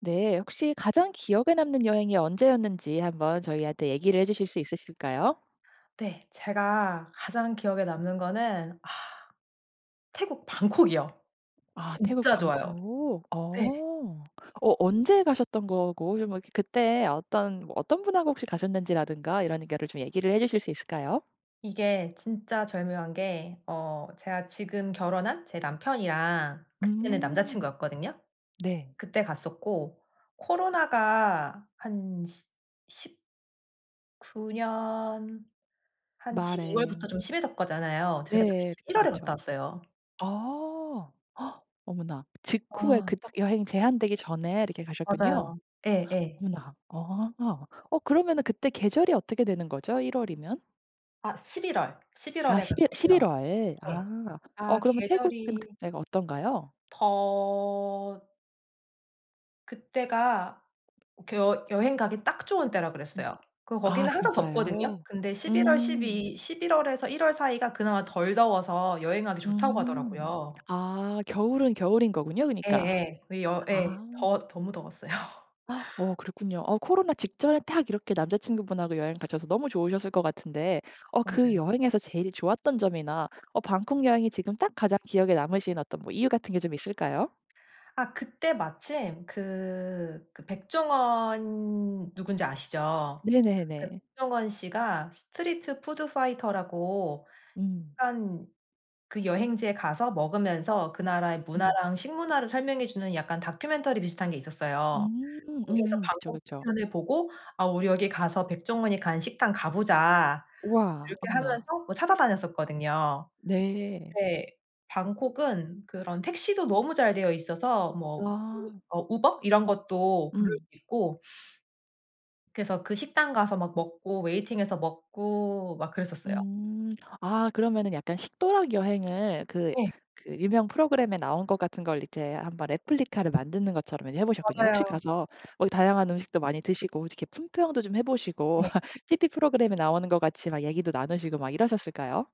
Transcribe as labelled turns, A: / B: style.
A: 네, 혹시 가장 기억에 남는 여행이 언제였는지 한번 저희한테 얘기를 해 주실 수 있으실까요?
B: 네. 제가 가장 기억에 남는 거는 아 태국 방콕이요.
A: 아 태국
B: 진짜 좋아요.
A: 방콕.
B: 네.
A: 어. 어 언제 가셨던 거고 좀 어 이렇게 그때 어떤 뭐 어떤 분하고 혹시 가셨는지라든가 이런 거를 좀 얘기를 해 주실 수 있을까요?
B: 이게 진짜 절묘한 게 어 제가 지금 결혼한 제 남편이랑 그때는
A: 음.
B: 남자친구였거든요.
A: 네.
B: 그때 갔었고. 코로나가 한 시 10 구 년 한 12월 부터
A: 말에.
B: 좀 심해졌 거 잖아요. 저희가 딱
A: 예예. 그쵸,
B: 11월 에 갔다
A: 그쵸.
B: 왔어요.
A: 어. 어머나 직후에
B: 아.
A: 그 여행이 제한되기 전에 이렇게 가셨군요?
B: 맞아요. 예예.
A: 어머나 아. 어 그러면은 그때 계절이 어떻게 되는 거죠? 1월 이면?
B: 아. 11월, 11월
A: 아
B: 에
A: 11
B: 갔었고요.
A: 11월
B: 네.
A: 아. 어
B: 아
A: 그러면 태국은
B: 계절이
A: 그때가 어떤가요?
B: 더 그때가 그 여 여행 가기 딱 좋은 때라
A: 음.
B: 그랬어요. 그
A: 아
B: 거기는 항상 덥거든요.
A: 진짜요,
B: 근데 11월,
A: 음.
B: 12 11월 에서 1월 사이가 그나마 덜 더워서 여행하기 좋다고
A: 음.
B: 하더라고요.
A: 아 겨울은 겨울인 거군요? 그니까.
B: 예예. 그 여 예
A: 아.
B: 더 너무 더웠어요.
A: 아 어 그렇군요. 어 코로나 직전에 딱 이렇게 남자친구분하고 여행 가셔서 너무 좋으셨을 것 같은데 어 그
B: 맞아요.
A: 여행에서 제일 좋았던 점이나 어 방콕 여행이 지금 딱 가장 기억에 남으신 어떤 뭐 이유 같은 게 좀 있을까요?
B: 아 그때 마침 그 그 백종원 누군지 아시죠? 그
A: 네네네.
B: 백종원 씨가 스트리트 푸드 파이터라고
A: 음.
B: 한 그 여행지에 가서 먹으면서 그 나라의
A: 음.
B: 문화랑 식문화를 설명해 주는 약간 다큐멘터리 비슷한 게 있었어요.
A: 음.
B: 거기서
A: 음음. 그쵸,
B: 방콕
A: 그쵸.
B: 편을 보고 "아 우리 여기 가서 백종원이 간 식당 가 보자."
A: 와
B: 이렇게
A: 어머나.
B: 하면서 어 찾아다녔었거든요.
A: 네.
B: 네. 방콕은 그런 택시도 너무 잘되어 있어서 뭐
A: 와.
B: 어 우버 이런 것도 부를 수
A: 음.
B: 있고 그래서 그 식당 가서 막 먹고 웨이팅해서 먹고 막 그랬었어요.
A: 음. 아 그러면은 약간 식도락 여행을 그
B: 네.
A: 그 유명 프로그램에 나온 것 같은 걸 이제 한번 replica를 만드는 것처럼 그러면 해 보셨군요. 혹시
B: 맞아요.
A: 가서 어 다양한 음식도 많이 드시고 이렇게 품평도 좀 해 보시고
B: 네.
A: 티브이 프로그램에 나오는 것 같이 막 얘기도 나누시고 막 이러셨을까요?